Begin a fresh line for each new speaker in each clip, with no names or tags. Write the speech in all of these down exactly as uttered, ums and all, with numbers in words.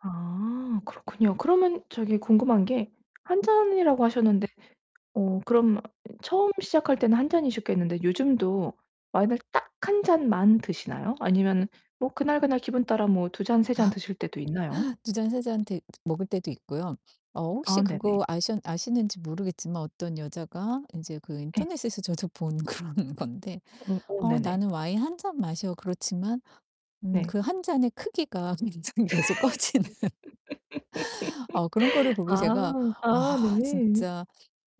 아 그렇군요. 그러면 저기 궁금한게 한 잔이라고 하셨는데 어 그럼 어 처음 시작할 때는 한 잔이셨겠는데 요즘도 와인을 딱 한 잔만 드시나요? 아니면은 뭐 그날 그날 기분따라 두 잔, 세 잔
아.
드실 때도 있나요?
두 잔, 세 잔 데 먹을때도 있고요. 어 혹시
아 네네.
그거 아셔 아시는지 모르겠지만 어떤 여자가 인제 그
예.
인터넷에서 저도 본 그런 건데
음 오
"어
네네.
나는 와인 한 잔 마셔." 그렇지만 음
네.
그 한 잔의 크기가 계속 커지는 어 그런 거를 보고
아.
제가
아
'아
네.
진짜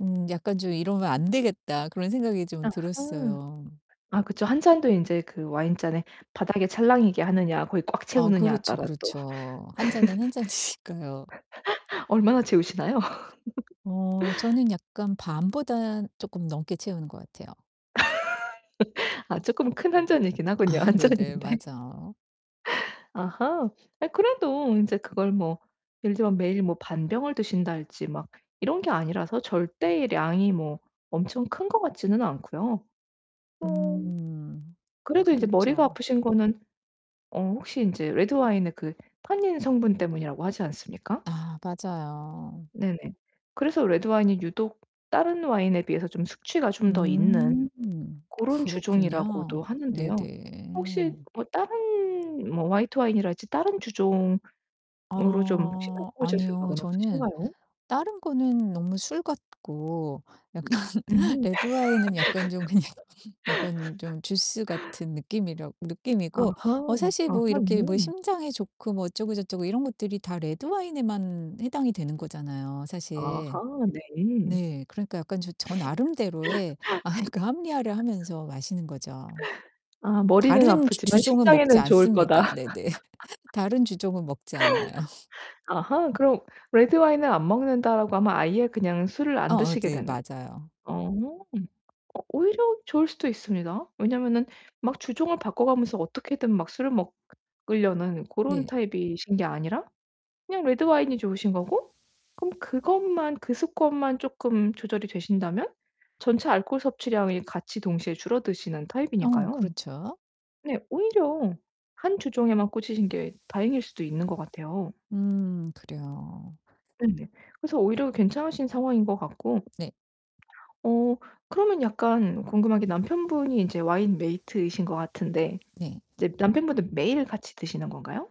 음 약간 좀 이러면 안 되겠다.' 그런 생각이 좀
아하.
들었어요.
아 그쵸, 한 잔도 인제 그 와인잔에 바닥에 찰랑이게 하느냐, 거기 꽉
아
채우느냐
그렇죠,
따라 또
그렇죠. 한 잔은 한 잔이니까요.
얼마나 채우시나요?
어 저는 약간 반보다는 쪼끔 넘게 채우는 것 같아요.
아 쪼끔 큰 한 잔이기는 하군요,
아
한
네네.
잔인데.
맞아요.
아하. 아 그래도 인제 그걸 뭐 예를 들면 매일 뭐 반 병을 드신달지 막 이런 게 아니라서 절대의 양이 뭐 엄청 큰 것 같지는 않고요. 어
음
그래도 인제 머리가
그렇죠.
아프신 거는 어 혹시 인제 레드와인의 그 탄닌 성분 때문이라고 하지 않습니까?
아 맞아요.
네네. 그래서 레드와인이 유독 다른 와인에 비해서 좀 숙취가 좀 더 있는
음.
고런
그렇군요.
주종이라고도 하는데요. 혹시
네네.
뭐 다른 뭐 화이트 와인이라든지 다른 주종으로 좀 혹시
어
바꿔보실
아니요.
생각은
저는
없으신가요?
다른 거는 너무 술 같고 약간
음.
레드와인은 약간 좀 그냥 약간 좀 주스 같은 느낌이라고 느낌이고
아하.
어 사실 뭐
아하
이렇게 뭐
네.
심장에 좋고 뭐 어쩌고 저쩌고 이런 것들이 다 레드와인에만 해당이 되는 거잖아요,
아하
사실.
네.
네. 그러니까 약간 저 저 나름대로의 아이 그 합리화를 하면서 마시는 거죠.
아 '머리는
다른 주
아프지만
주종은 먹지
심장에는 좋을거다.'
않습니다. 네네. 다른 주종은 먹지 않아요.
아하, 그럼 '레드와인을 안 먹는다.'라고 하면 아예 그냥 술을 안
어어
드시게
네
되는
맞아요.
어 오히려 좋을 수도 있습니다. 왜냐면은 막 주종을 바꿔 가면서 어떻게든 막 술을 먹으려는 고런
네.
타입이신 게 아니라 그냥 레드와인이 좋으신 거고 그럼 그것만 그 습관만 쪼끔 조절이 되신다면 전체 알코올 섭취량이 같이 동시에 줄어드시는
어
타입이니까요.
그렇죠.
네. 오히려 한 주종에만 꽂히신 게 다행일 수도 있는 것 같아요.
음 그래요.
네네. 그래서 오히려 괜찮으신 상황인 것 같고
네.
어 그러면 약간 궁금한게 남편분이 인제 와인 메이트이신 것 같은데
네.
이제 남편분도 매일 같이 드시는 건가요?